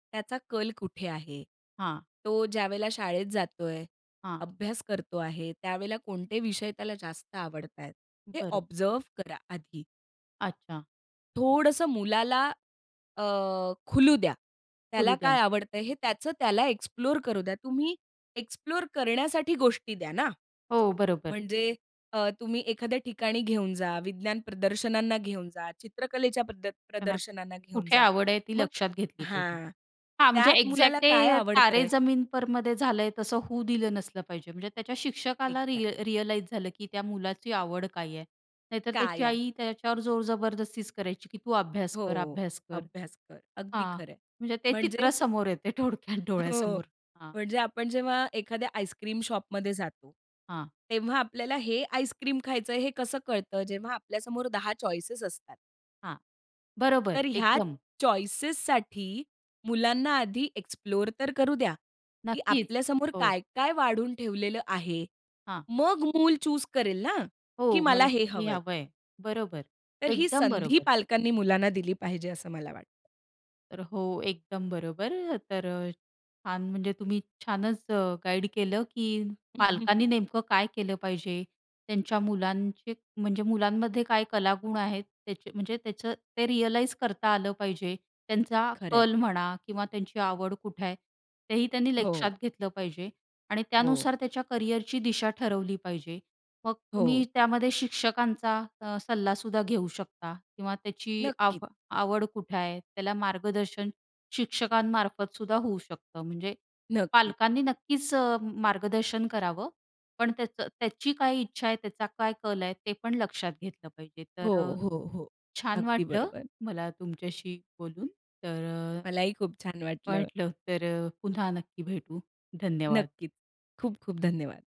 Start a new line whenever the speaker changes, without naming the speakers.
त्याचा कल कुठे आहे?
हां.
तो ज्यावेळेला शाळेत जातो आहे,
हां.
अभ्यास करतो आहे त्यावेळेला कोणते विषय त्याला जास्त आवडतायेत? हे
बरं.
ऑब्झर्व्ह करा आधी.
अच्छा.
थोडंसं मुलाला अ, खुलू द्या.
करू
त्याला
द्या.
काय आवडतंय हे त्याचं त्याला एक्सप्लोर करू द्या. तुम्ही एक्सप्लोर करण्यासाठी गोष्टी द्या ना.
हो, बरोबर.
म्हणजे अ, तुम्ही एखाद्या ठिकाणी घेऊन जा, विज्ञान प्रदर्शनांना घेऊन जा, चित्रकलेच्या प्रद
त्याला
प्रदर्शनांना घेऊन
कुठे
जा.
आवड आहे ती
मग
लक्षात घेतली पाहिजे.
हां,
हां म्हणजे
त्यात
एक्झॅक्ट
मुलाला काय
ते तारे
आवडतंय?
जमीन पर मध्ये झालंय तसं होऊ दिलं नसलं पाहिजे म्हणजे त्याच्या शिक्षकाला
एक्झॅक्टली.
रिअ रिअलाईज झालं, की त्या मुलाची आवड काय आहे? नाहीतर त्याची
काय
आई
आहे?
त्याच्यावर जोर जबरदस्ती करायची, की तू अभ्यास कर,
हो,
अभ्यास कर.
अभ्यास कर अगदी
हां
खरंय.
म्हणजे ते
म्हणजे
चित्र समोर येते थोडक्यात
हो
डोळ्यासमोर. हां.
म्हणजे आपण जेव्हा एखाद्या आईसक्रीम शॉपमध्ये जातो
हां.
तेव्हा आपल्याला हे आईसक्रीम खायचंय हे कसं कळतं जेव्हा आपल्या समोर 10 चॉईसेस असतात.
हां, बरोबर
तर ह्या
एकदम.
चॉईसेससाठी मुलांना आधी एक्सप्लोर तर करू द्या. की
नक्कीच,
आपल्या समोर
हो.
काय, काय वाढून ठेवलेलं आहे?
हां.
मग मूल चूज करेल ना, की
हो,
मला
मला
हे
हे
हवंय.
हवं आहे. बरोबर,
तर ही
एकदम
संधी
बरोबर.
पालकांनी मुलांना दिली पाहिजे असं मला वाटतं.
तर हो एकदम बरोबर तर छान म्हणजे तुम्ही छानच गाईड केलं, की पालकांनी नेमकं काय केलं पाहिजे? त्यांच्या मुलांचे म्हणजे मुलांमध्ये काय कलागुण आहेत? त्याचे म्हणजे त्याचं ते रिअलाईज करता आलं पाहिजे. त्यांचा
खरं आहे.
कल म्हणा किंवा त्यांची आवड कुठे आहे तेही त्यांनी
हो.
लक्षात घेतलं पाहिजे आणि
हो.
त्यानुसार त्याच्या करियरची दिशा ठरवली पाहिजे. मग तुम्ही
हो.
त्यामध्ये शिक्षकांचा अ, सल्लासुद्धा घेऊ शकता किंवा त्याची
नक्कीच.
आव आवड कुठे आहे त्याला मार्गदर्शन शिक्षकांमार्फत सुद्धा होऊ शकतं. म्हणजे
नक्कीच.
पालकांनी नक्कीच मार्गदर्शन करावं, पण त्याचं त्याची काय इच्छा आहे, त्याचा काय कल आहे? ते पण लक्षात घेतलं पाहिजे
हो,
तर,
हो, हो
छान
अगदी
वाटलं
बरोबर.
मला तुमच्याशी बोलून. तर
मलाही खूप छान वाटलं.
वाटलं तर पुन्हा नक्की भेटू, धन्यवाद.
नक्कीच खूप-खूप धन्यवाद.